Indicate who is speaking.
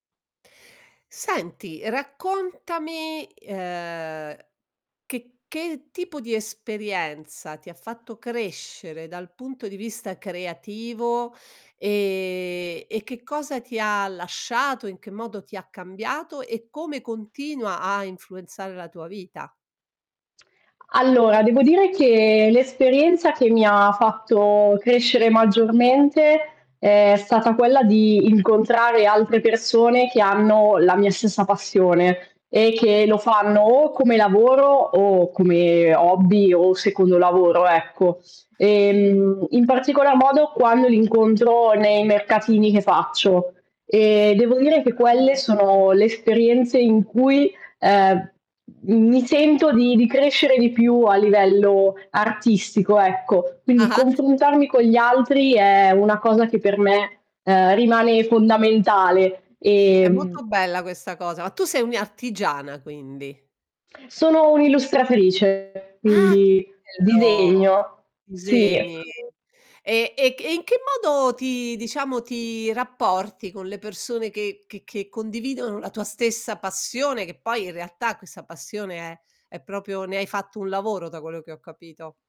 Speaker 1: Senti, raccontami, ehm, che che tipo di esperienza ti ha fatto crescere dal punto di vista creativo? Ehm, e che cosa ti ha lasciato? In che modo ti ha cambiato? E come continua a influenzare la tua vita?
Speaker 2: Allora, devo dire che, l'esperienza che mi ha fatto crescere maggiormente, è stata quella di incontrare altre persone che hanno la mia stessa passione, e che lo fanno o come lavoro, o come hobby, o secondo lavoro, ecco, Ehm, in particolar modo quando li incontro nei mercatini che faccio. E devo dire
Speaker 1: Ah,
Speaker 2: che quelle
Speaker 1: no.
Speaker 2: sono le esperienze in cui, ehm, mi sento di di crescere di più a livello artistico, ecco. Quindi,
Speaker 1: Ah-ah
Speaker 2: confrontarmi con gli altri è una cosa che per me, ehm, rimane fondamentale.
Speaker 1: È
Speaker 2: Ehm
Speaker 1: molto bella questa cosa, ma tu sei un' i artigiana, quindi?
Speaker 2: Sono un' illustratrice,
Speaker 1: Ah! Che
Speaker 2: quindi
Speaker 1: bello!
Speaker 2: disegno, sì.
Speaker 1: Disegni! E e che e in che modo ti diciamo, ti rapporti con le persone che che che condividono la tua stessa passione? Che poi, in realtà, questa passione è è proprio ne hai fatto un lavoro, da quello che ho capito.